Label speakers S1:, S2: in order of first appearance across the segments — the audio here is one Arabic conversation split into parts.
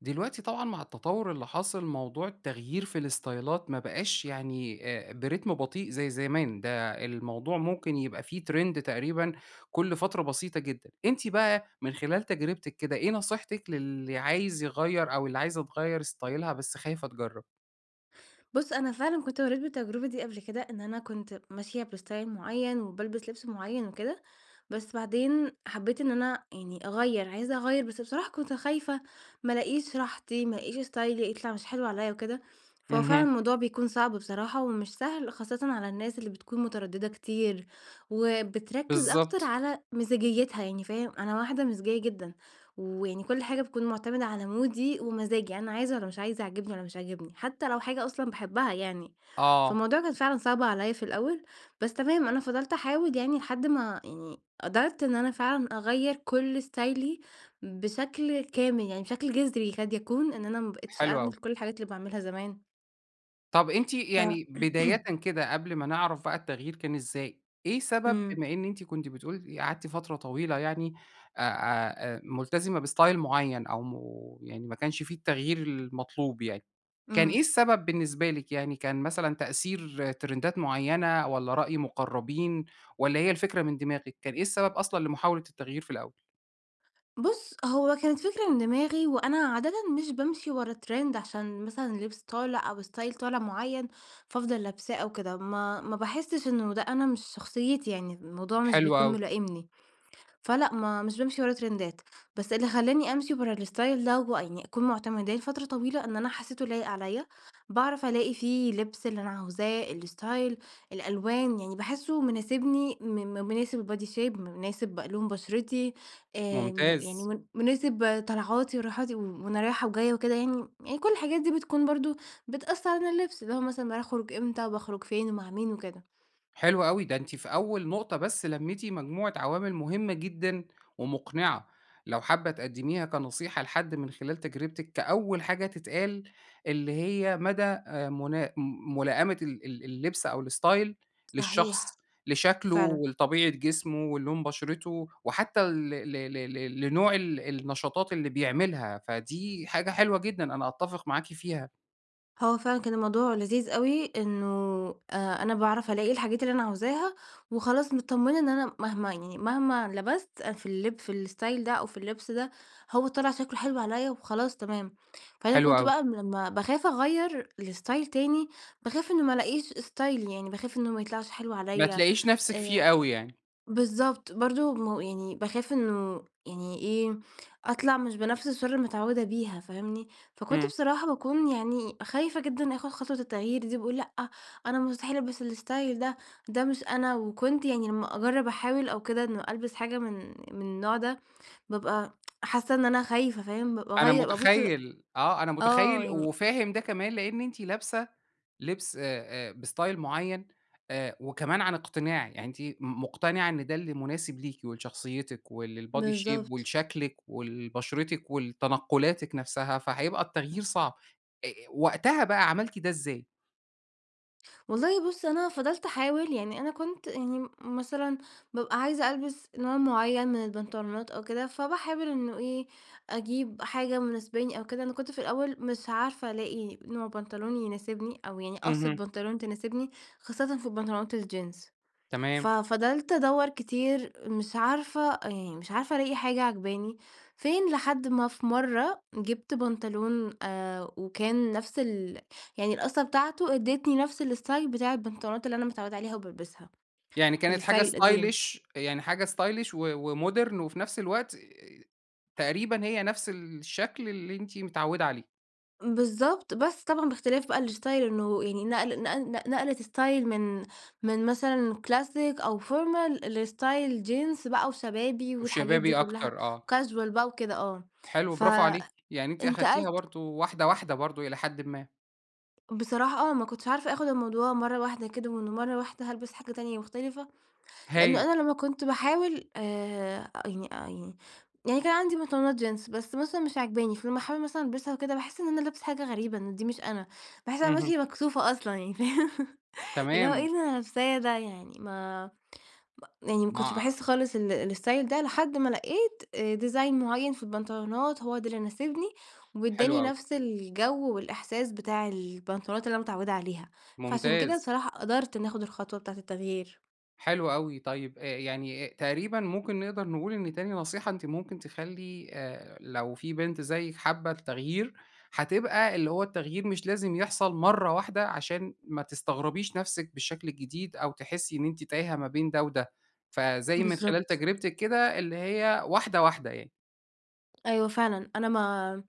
S1: دلوقتي طبعًا مع التطور اللي حاصل، موضوع التغيير في الاستايلات ما بقاش يعني آآ، برتم بطيء زي زمان، ده الموضوع ممكن يبقى فيه trend تقريبًا كل فترة بسيطة جدًا. أنتِ بقى من خلال تجربتِك كده، إيه نصيحتِك للي عايز يغيّر، أو اللي عايزة تغيّر استايلها بس خايفة تجرب؟
S2: بُصّ، أنا فعلًا كنت مريت بالتجربة دي قبل كده، إن أنا كنت ماشية باستايل معيّن، وبالبس لبس معيّن وكده. بس بعدين حبيت إن أنا، يعني، أغيّر، عايزة أغيّر، بس بصراحة كنت خايفة ما ألاقيش راحتي، ما ألاقيش استايلي يطلع مش حلو عليَّ وكده. فهو فعلًا
S1: اهم.
S2: الموضوع بيكون صعب بصراحة، ومش سهل، خاصةً على الناس اللي بتكون مترددة كتير، وبتركز أكتر
S1: بالضبط.
S2: على مزاجيتها، يعني فاهم؟ أنا واحدة مزاجية جدًا، ويعني كل حاجة بتكون معتمدة على مودي ومزاجي، يعني أنا عايزة والّا مش عايزة، عاجبني والّا مش عاجبني، حتى لو حاجة أصلًا باحبها، يعني.
S1: آه.
S2: فالموضوع كان فعلًا صعب عليَّ في الأول، بس تمام، أنا فضلت أحاول يعني، لحد ما يعني قدرت إن أنا فعلًا أغيّر كل استايلي بشكل كامل، يعني بشكل جذري، يكاد يكون إن أنا ما بقيتش
S1: حلو
S2: أعمل
S1: أوي.
S2: كل الحاجات اللي باعملها زمان.
S1: طب أنتِ
S2: ف
S1: يعني بدايةً كده، قبل ما نعرف بقى التغيير كان إزاي. إيه سبب،
S2: امم.
S1: بما إن أنتِ كنتِ بتقولي قعدتِ فترة طويلة يعني أ أ أ ملتزمة باستايل معين أو م يعني ما كانش في التغيير المطلوب يعني، كان إيه
S2: امم.
S1: السبب بالنسبة لِك يعني، كان مثلًا تأثير ترندات معينة والّا رأي مقربين والّا هي الفكرة من دماغِك؟ كان إيه السبب أصلًا لمحاولة التغيير في الأول؟
S2: بُص، هو كانت فكرة من دماغي وأنا عادةً مش بامشي ورا ترند عشان مثلًا لبس طالع أو ستايل طالع معين، فافضل لابساه أو كده، ما ما باحسش إنه ده أنا، مش شخصيتي يعني، الموضوع مش
S1: حلو
S2: بيكون
S1: أوي.
S2: ملائمني. فلأ ما مش بامشي ورا ترندات بس اللي خلاني أمشي ورا الاستايل ده ويعني أكون معتمداه فترة طويلة؛ إن أنا حسيته لايق عليَّ، باعرف ألاقي فيه لبس اللي أنا عاوزاه، الاستايل الألوان، يعني باحسه مناسبني م مناسب البادي شيب م مناسب لون بشرتي، آآ م
S1: ممتاز.
S2: يعني من مناسب طلعاتي وراحاتي، و وأنا رايحة وجاية وكده يعني، يعني كل الحاجات دي بتكون برضه بتأثَّر على اللبس، اللي هو مثلًا باخرج إمتى وباخرج فين ومع مين وكده.
S1: حلو أوي، ده أنتِ في أول نقطة بس لميتِ مجموعة عوامل مهمة جدًا ومقنعة، لو حابة تقدميها كنصيحة لحد من خلال تجربتك كأول حاجة تتقال، اللي هي مدى آآ منا م ملائمة ال ال اللبس أو الاستايل
S2: صحيح.
S1: للشخص، لشكله
S2: فعلًا.
S1: ولطبيعة جسمه ولون بشرته وحتى ل ل ل ل لنوع ال النشاطات اللي بيعملها، فدي حاجة حلوة جدًا، أنا أتفق معاكِ فيها.
S2: هو فعلًا كان الموضوع لذيذ أوي، إنه آآ أنا باعرف ألاقي الحاجات اللي أنا عاوزاها، وخلاص متطمنة إن أنا مهما يعني مهما لبست في اللب في الإستايل ده أو في اللبس ده، هو طلع شكله حلو عليَّ وخلاص تمام. فأنا
S1: حلو
S2: كنت
S1: أوي.
S2: بقى لمّا باخاف أغيّر لإستايل تاني، باخاف إنه ما ألاقيش إستايلي يعني باخاف إنه ما يطلعش حلو
S1: ما
S2: عليَّ،
S1: تلاقيش نفسِك فيه
S2: آآ،
S1: أوي يعني.
S2: بالضبط، برضه م يعني باخاف إنه يعني إيه، أطلع مش بنفس الشرارة اللي متعودة بيها فاهمني؟ فكنت
S1: امم.
S2: بصراحة باكون يعني خايفة جدًا آخد خطوة التغيير دي، باقول لأ، أنا مستحيل ألبس الاستايل ده، ده مش أنا، وكنت يعني لمّا أجرب أحاول أو كده، إن ألبس حاجة من من النوع ده، بابقى حاسة إن أنا خايفة فاهم؟ ب
S1: أنا
S2: باغيّر بابص
S1: متخيل، آه، أنا
S2: آه
S1: متخيل
S2: يعني
S1: وفاهم ده كمان لأن أنتِ لابسة لبس آآ آآ بإستايل معين، آآ وكمان عن اقتناع، يعني أنتِ م مقتنعة إن ده اللي مناسب ليكِ، ولشخصيتِك، ولل body shape
S2: بالضبط.
S1: ولشكلِك، ولبشرتِك، ولتنقلاتِك نفسها، فهيبقى التغيير صعب. أ أ وقتها بقى، عملتِ ده إزاي؟
S2: والله بُصّ، أنا فضلت أحاول، يعني أنا كنت يعني م مثلًا، بابقى عايزة ألبس نوع معين من البنطلونات أو كده، فباحاول إنه إيه أجيب حاجة مناسباني أو كده. أنا كنت في الأول مش عارفة ألاقي نوع بنطلون يناسبني، أو يعني قَصّة
S1: اهم.
S2: بنطلون تناسبني، خاصةً في البنطلونات الجينز،
S1: تمام.
S2: ففضلت أدوّر كتير، مش عارفة، يعني مش عارفة ألاقي حاجة عاجباني، فين لحد ما في مرة جِبت بنطلون، آآ، وكان نفس ال يعني القَصّة بتاعته ادّيتني نفس الاستايل بتاع البنطلونات اللي أنا متعودة عليها وبالبسها،
S1: يعني كانت حاجة
S2: الاستايل القديم.
S1: ستايلش، يعني حاجة ستايلش و ومودرن، وفي نفس الوقت تقريبًا هي نفس الشكل اللي أنتِ متعودة عليه.
S2: بالضبط، بس طبعًا باختلاف بقى الاستايل، إنه يعني نقل نق ن نقلت استايل من من مثلًا كلاسيك أو formal لاستايل جينز بقى وشبابي، والحاجات دي
S1: وشبابي
S2: كلها
S1: أكتر، آه.
S2: وكاجوال بقى وكده، آه،
S1: حلو برافو عليكِ، يعني أنتِ أخدتيها
S2: فانتقلت
S1: برضو واحدة واحدة برضو إلى حدٍ ما.
S2: بصراحة، آه، ما كنتش عارفة أخد الموضوع مرة واحدة كده، ومن مرة واحدة هالبس حاجة تانية مختلفة، لأنه
S1: هايل.
S2: أنا لما كنت باحاول، آآ، يعني يعني يعني كان عندي بنطلونات جينز، بس مثلًا مش عاجباني، فلما أحاول مثلًا ألبسها وكده، باحس إن أنا لابسة حاجة غريبة، إن دي مش أنا، باحس إن أنا
S1: اهم.
S2: ماشية مكسوفة أصلًا، يعني فاهم؟ اللي هو إيه
S1: تمام.
S2: اللي أنا لابساه ده! يعني ما م يعني ما كنتش
S1: [unintelligible]
S2: باحس خالص ال الاستايل ده، لحد ما لقيت آآ ديزاين معين في البنطلونات، هو ده اللي ناسبني
S1: حلو
S2: واداني
S1: أوي.
S2: نفس الجو والإحساس بتاع البنطلونات اللي أنا متعودة عليها، فعشان كده
S1: ممتاز.
S2: بصراحة قدرت إني أخد الخطوة بتاعة التغيير.
S1: حلو أوي، طيب آآ يعني تقريبًا ممكن نقدر نقول إن تاني نصيحة أنتِ مُمكن تخلّي آآ لو في بنت زيِك حابة التغيير، هتبقى اللي هو التغيير مش لازم يحصل مرّة واحدة، عشان ما تستغربيش نفسِك بالشكل الجديد، أو تحسي إن أنتِ تايهة ما بين ده وده. فَزي من خلال
S2: بالضبط.
S1: تجربتِك كده، اللي هي واحدة واحدة يعني.
S2: أيوه فعلًا، أنا ما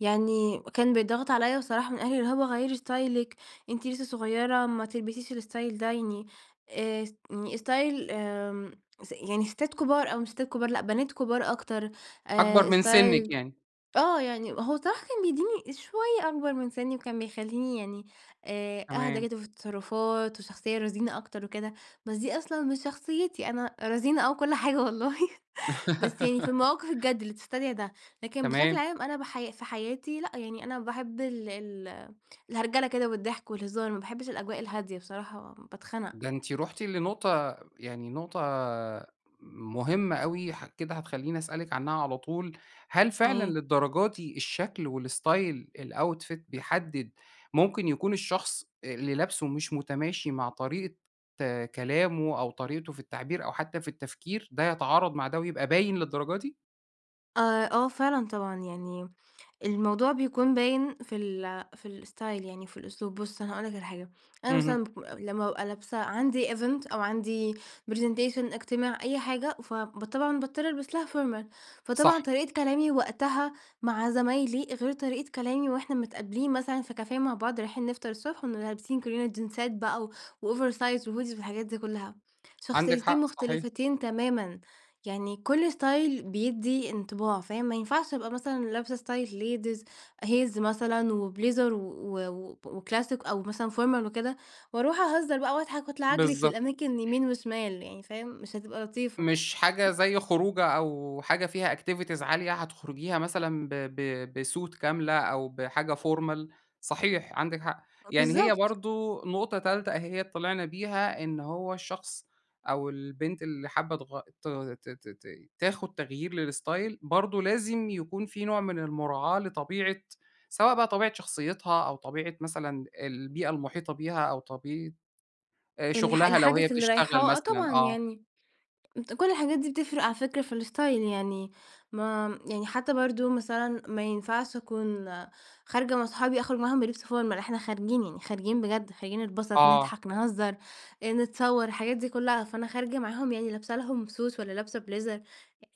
S2: يعني كان بيتضغط عليَّ بصراحة من أهلي، اللي هو "غَيّري ستايلِك أنتِ لسه صُغيرة، ما تلبسيش الستايل ده." يعني آآ اس يعني ستايل آمم، س يعني ستات كبار، أو مش ستات كبار، لأ، بنات كبار أكتر. آآ
S1: أكبرمن سنِّك
S2: ستايل
S1: يعني.
S2: آه، يعني هو الصراحة كان بيدّيني شوية أكبر من سنّي، وكان بيخلّيني يعني آآ أهدى
S1: تمام.
S2: كده في التصرفات، وشخصية رزينة أكتر وكده، بس دي أصلًا مش شخصيتي. أنا رزينة آه وكل حاجة والله، بس يعني في المواقف الجد، اللي تستدعي ده. لكن بشكل
S1: تمام.
S2: عام، أنا بَحَيا في حياتي لأ، يعني أنا باحب ال ال الهرجلة كده والضحك، والهزار. ما باحبِش الأجواء الهادية، بصراحة باتخنق.
S1: ده أنتِ رُحتِ لنقطة، يعني نقطة مُهمة أوي. ح كده هتخلّيني أسألِك عنها على طول. هل فعلًا
S2: إيه؟
S1: للدرجة دي الشكل والستايل الoutfit بيحدد، مُمكن يكون الشخص اللي لابسُه مش متماشي مع طريقة كلامه، أو طريقته في التعبير، أو حتى في التفكير، ده يتعارض مع ده ويبقى باين للدرجة دي؟
S2: آآ، آه فعلًا طبعًا يعني، الموضوع بيكون باين في ال في الاستايل يعني وفي الأسلوب. بُصّ، أنا هاقول لك على حاجة، أنا
S1: اهم.
S2: مثلًا باك لمّا بابقى لابسة عندي event أو عندي presentation، اجتماع، أي حاجة، ف ب طبعًا باضطر ألبس لها formal، فطبعًا
S1: صح.
S2: طريقة كلامي وقتها مع زمايلي غير طريقة كلامي وإحنا متقابلين مثلًا في كافيه مع بعض، رايحين نفطر الصبح، ونبقى لابسين كلنا جينزات بقى و وOversize وHoodies والحاجات دي كلها.
S1: عندِك
S2: شخصيتين
S1: حق صحيح.
S2: مختلفتين تمامًا، يعني كل ستايل بيدِّي انطباع، فاهم؟ ما ينفعش أبقى مثلًا لابسة ستايل ladies heels مثلًا، وبليزر و و وب وكلاسيك، أو مثلًا formal وكده، وأروح أهزر بقى وأضحك، وأطلع أجري في
S1: بالضبط.
S2: الأماكن يمين وشمال، يعني فاهم؟ مش هتبقى لطيفة.
S1: مش حاجة زي خروجة، أو حاجة فيها activities عالية، هتخرجيها مثلًا ب ب بsuit كاملة، أو بحاجة formal صحيح عندِك حق.
S2: آه،
S1: يعني هي
S2: بالضبط.
S1: برضو نقطة تالتة أهيّة طلعنا بيها، إن هو الشخص أو البنت اللي حابة تغي ت ت ت تاخد تغيير للاستايل، برضو لازم يكون في نوع من المراعاة لطبيعة، سواء بقى طبيعة شخصيتها، أو طبيعة مثلًا البيئة المحيطة بيها، أو طبيعة، آآ،
S2: الح
S1: شغلها لو هي
S2: الحدث اللي
S1: بتشتغل
S2: رايحاه آه
S1: مثلًا،
S2: طبعًا
S1: آه.
S2: يعني. كل الحاجات دي بتفرق على فكرة في الاستايل. يعني ما يعني حتى برضو مثلًا ما ينفعش أكون خارجة مع صحابي أخرج معاهم بلبس formal، إحنا خارجين، يعني خارجين بجد، خارجين نتبسط،
S1: آه.
S2: نضحك، نهزر، آآ، نتصور، الحاجات دي كلها، فأنا خارجة معاهم يعني لابسة لهم Suit والّا لابسة بليزر،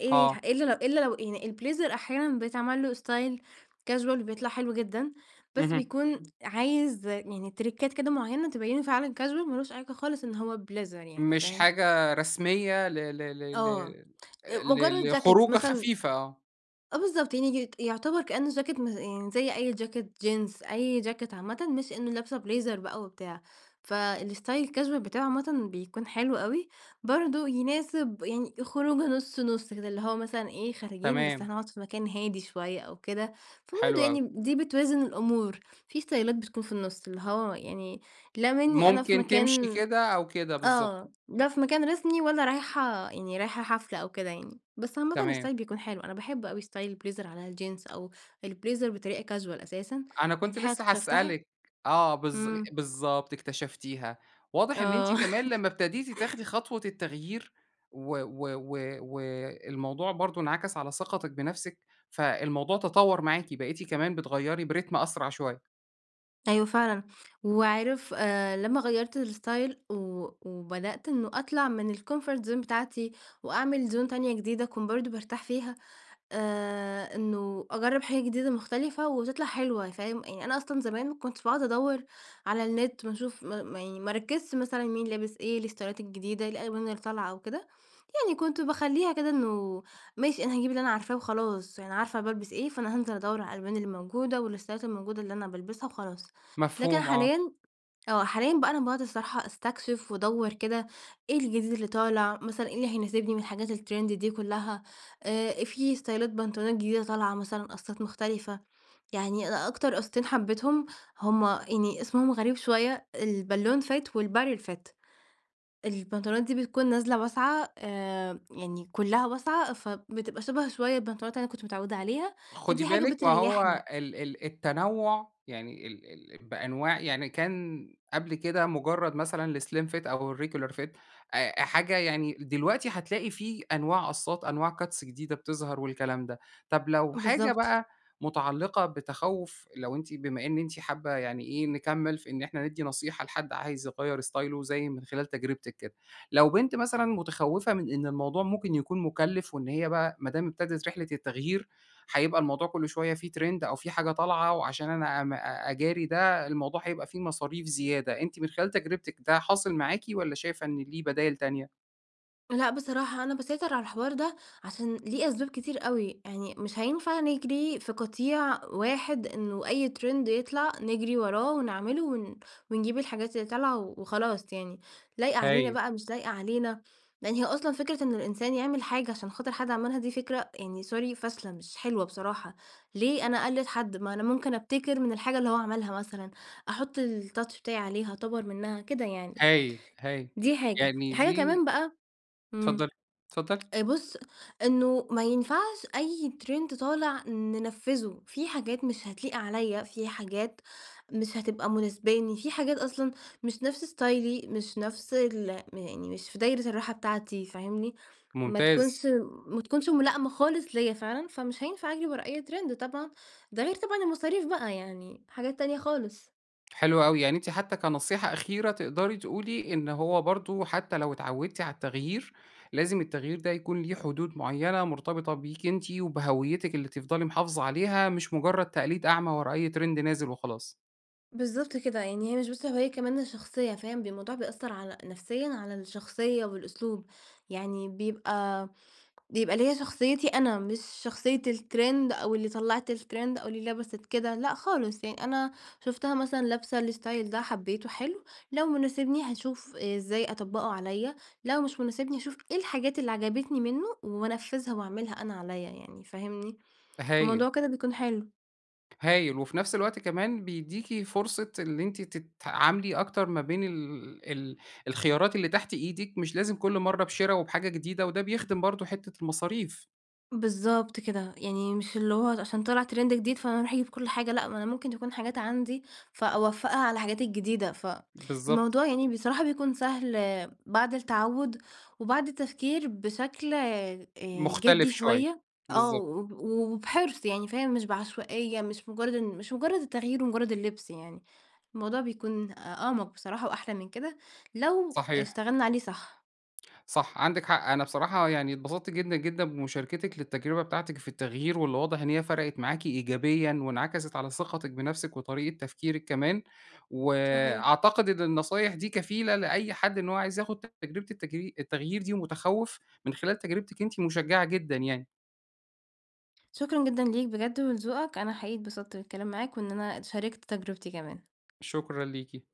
S2: آآ،
S1: آه.
S2: إلا لو إلا لو يعني البليزر أحيانًا بيتعمل له استايل casual وبيطلع حلو جدًا. بس
S1: اهم.
S2: بيكون عايز يعني تريكات كده معينة تبينه فعلًا casual ما لوش علاقة خالص إن هو بليزر يعني
S1: مش
S2: فاهم؟
S1: حاجة رسمية ل ل ل ل
S2: آه، آآ، مجرد
S1: ل
S2: جاكيت
S1: لخروجة
S2: مثلًا
S1: خفيفة، آه.
S2: آه بالضبط، يعني يت يعتبر كأنه جاكيت م يعني زي أي جاكيت جينز، أي جاكيت عامةً، مش إنه لابسة بليزر بقى وبتاع. فالاستايل الcasual بتاعه عامةً بيكون حلو أوي، برضو يناسب يعني خروجة نُص نُص كده، اللي هو مثلًا إيه، خارجين بس
S1: تمام.
S2: هنقعد في مكان هادي شوية أو كده، فبرضو
S1: حلو أوي.
S2: يعني دي بتوازن الأمور. في استايلات بتكون في النص، اللي هو يعني لا منِّي أنا في
S1: ممكن تمشي
S2: مكان
S1: كده، أو كده بالضبط.
S2: آه، لا في مكان رسمي، ولا رايحة يعني رايحة حفلة أو كده يعني. بس عامةً
S1: تمام.
S2: استايل بيكون حلو، أنا باحب أوي استايل البليزر على الجينز، أو البليزر بطريقة casual أساسًا،
S1: أنا كنت
S2: ودي حاجة
S1: لسه
S2: اكتشفتها
S1: هاسألك، آه بالظ
S2: امم.
S1: بالضبط اكتشفتيها، واضح إن أنتِ
S2: آه.
S1: كمان لمّا ابتديتِ تاخدي خطوة التغيير، و و و والموضوع برضو انعكس على ثقتِك بنفسِك، فالموضوع تطور معاكِ، بقيتِ كمان بتغيّري بريتم أسرع شوية.
S2: أيوه فعلًا. وعارف، آآ لما غيرت الستايل و وبدأت إنه أطلع من الكومفورت زون بتاعتي وأعمل زون تانية جديدة أكون برضه بارتاح فيها، آآ، إنه أجرب حاجة جديدة مختلفة وتطلع حلوة، فاهم؟ يعني أنا أصلًا زمان ما كنتش باقعد أدور على النت ما أشوف م م يعني ما أركزش مثلًا مين لابس إيه، إيه الستايلات الجديدة، إيه الألوان اللي طالعة أو كده، يعني كنت باخليها كده إنه ماشي أنا هاجيب اللي أنا عارفاه وخلاص، يعني عارفة أنا بالبس إيه، فأنا هانزل أدور على الألوان اللي موجودة و الستايلات الموجودة اللي أنا بالبسها وخلاص. لكن
S1: مفهوم آه.
S2: حاليًا، آه حاليًا بقى أنا باقعد الصراحة أستكشف وأدور كده، إيه الجديد اللي طالع، مثلًا إيه اللي هيناسبني من الحاجات الترند دي كلها، آآ فيه ستايلات بنطلونات جديدة طالعة مثلًا، قصات مختلفة، يعني أ أكتر قصتين حبيتهم، هُم يعني اسمهم غريب شوية، البالون فِت و الباريل فِت البنطلونات دي بتكون نازلة واسعة، آآ، يعني كلها واسعة، فبتبقى شبه شوية البنطلونات اللي أنا كنت متعودة عليها،
S1: خدي
S2: فدي حاجة
S1: بالِك ما هو
S2: بتريحني.
S1: ال ال التنوع، يعني ال ال بأنواع يعني كان قبل كده مجرد مثلًا الاسليم فِت أو الريجيولار فِت أ حاجة يعني دلوقتي هتلاقي فيه أنواع قصات، أنواع cuts جديدة بتظهر والكلام ده. طب لو حاجة
S2: بالضبط.
S1: بقى متعلقة بتخوف، لو أنتِ بما إن أنتِ حابة، يعني إيه، نكمل في إن إحنا ندي نصيحة لحد عايز يغير ستايله زي من خلال تجربتِك كده. لو بنت مثلًا متخوفة من إن الموضوع ممكن يكون مُكلف، وإن هي بقى ما دام ابتدت رحلة التغيير؛ هيبقى الموضوع كله شوية فيه ترند أو فيه حاجة طالعة وعشان أنا ام أجاري ده؛ الموضوع هيبقى فيه مصاريف زيادة، أنتِ من خلال تجربتِك ده حاصل معاكِ والّا شايفة إن ليه بدايل تانية؟
S2: لأ، بصراحة أنا باسيطر على الحوار ده عشان ليه أسباب كتير أوي، يعني مش هينفع نجري في قطيع واحد، إنه أي ترند يطلَع نجري وراه ونعمله ون ونجيب الحاجات اللي طالعة و وخلاص يعني، لايقة علينا
S1: هايل.
S2: بقى مش لايقة علينا، لأن هي أصلًا فكرة إن الإنسان يعمل حاجة عشان خاطر حد عملها دي فكرة يعني sorry فاشلة، مش حلوة بصراحة، ليه أنا أقلد حد؟ ما أنا ممكن أبتكر من الحاجة اللي هو عملها مثلًا، أحط الtouch بتاعي عليها، أطور منّها، كده يعني.
S1: هايل، هايل.
S2: دي حاجة،
S1: يعني
S2: حاجة
S1: دي
S2: كمان بقى إمم،
S1: اتفضلي، اتفضلي.
S2: آآ، بُصّ، إنه ما ينفعش أي ترند طالع ننفذه، في حاجات مش هتليق عليَّ، في حاجات مش هتبقى مناسباني، في حاجات أصلًا مش نفس ستايلي مش نفس ال يعني مش في دايرة الراحة بتاعتي، فاهمني؟ ما
S1: ممتاز.
S2: تكونش ما تكونش ملائمة خالص ليّا فعلًا، فمش هينفع أجري ورا أي ترند، طبعًا ده غير طبعًا المصاريف بقى، يعني حاجات تانية خالص.
S1: حلو أوي، يعني أنتِ حتى كنصيحة أخيرة تقدري تقولي إن هو برضو حتى لو اتعودتِ على التغيير لازم التغيير ده يكون ليه حدود معينة، مرتبطة بيكِ أنتِ وبهويتِك اللي تفضلي محافظة عليها، مش مجرد تقليد أعمى ورا أي ترند نازل وخلاص.
S2: بالضبط كده، يعني هي مش بس هويّة كمان ده شخصية، فاهم؟ ب الموضوع بيأثر على نفسيًا على الشخصية والأسلوب، يعني بيبقى، بيبقى ليَّ شخصيتي أنا، مش شخصية الترند أو اللي طلّعت الترند أو اللي لبست كده، لأ خالص، يعني أنا شفتها مثلًا لابسة الاستايل ده، حبيته، حلو، لو مناسبني هاشوف إزاي أطبّقه عليَّ، لو مش مناسبني أشوف إيه الحاجات اللي عجبتني منه وأنفذها وأعملها أنا عليَّ، يعني فاهمني؟
S1: هايل.
S2: فالموضوع كده بيكون حلو.
S1: هايل، وفي نفس الوقت كمان بيديكي فرصة إن أنتِ تتعاملي أكتر ما بين ال ال الخيارات اللي تحت إيدِك، مش لازم كل مرة بِشِرَا وبحاجة جديدة، وده بيخدم برضو حتة المصاريف.
S2: بالضبط كده، يعني مش اللي هو عشان طلع ترند جديد فأنا أروح أجيب كل حاجة، لأ، ما أنا ممكن تكون حاجات عندي فأوفّقها على الحاجات الجديدة،
S1: بالضبط.
S2: فالموضوع يعني بصراحة، بيكون سهل بعد التعوّد وبعد التفكير بشكل، آآ،
S1: مختلف
S2: جِدّي
S1: شوية،
S2: شوية، آه،
S1: بالضبط.
S2: و وبحِرص، يعني فاهم، مش بعشوائية، مش مجرد إن مش مجرد التغيير ومجرد اللبس يعني، الموضوع بيكون أ أعمق، بصراحة، وأحلى من كده لو
S1: صحيح.
S2: اشتغلنا عليه صح.
S1: صح، عندِك حق، أنا بصراحة، يعني، اتبسطت جدًا جدًا بمشاركتِك للتجربة بتاعتِك في التغيير، واللي واضح إن هي فرقت معاكِ إيجابيًا وانعكست على ثقتِك بنفسِك وطريقة تفكيرِك كمان،
S2: صحيح.
S1: وأعتقد إن النصايح دي كفيلة لأي حد إن هو عايز ياخد تجربة التجي التغيير دي ومتخوف، من خلال تجربتِك أنتِ، مشجِّعة جدًا، يعني.
S2: شكرًا جدًا ليك بجد ولذوقك، أنا حقيقي اتبسطت بالكلام معاك، وإن أنا اتشاركت تجربتي كمان.
S1: شكرًا ليكِ.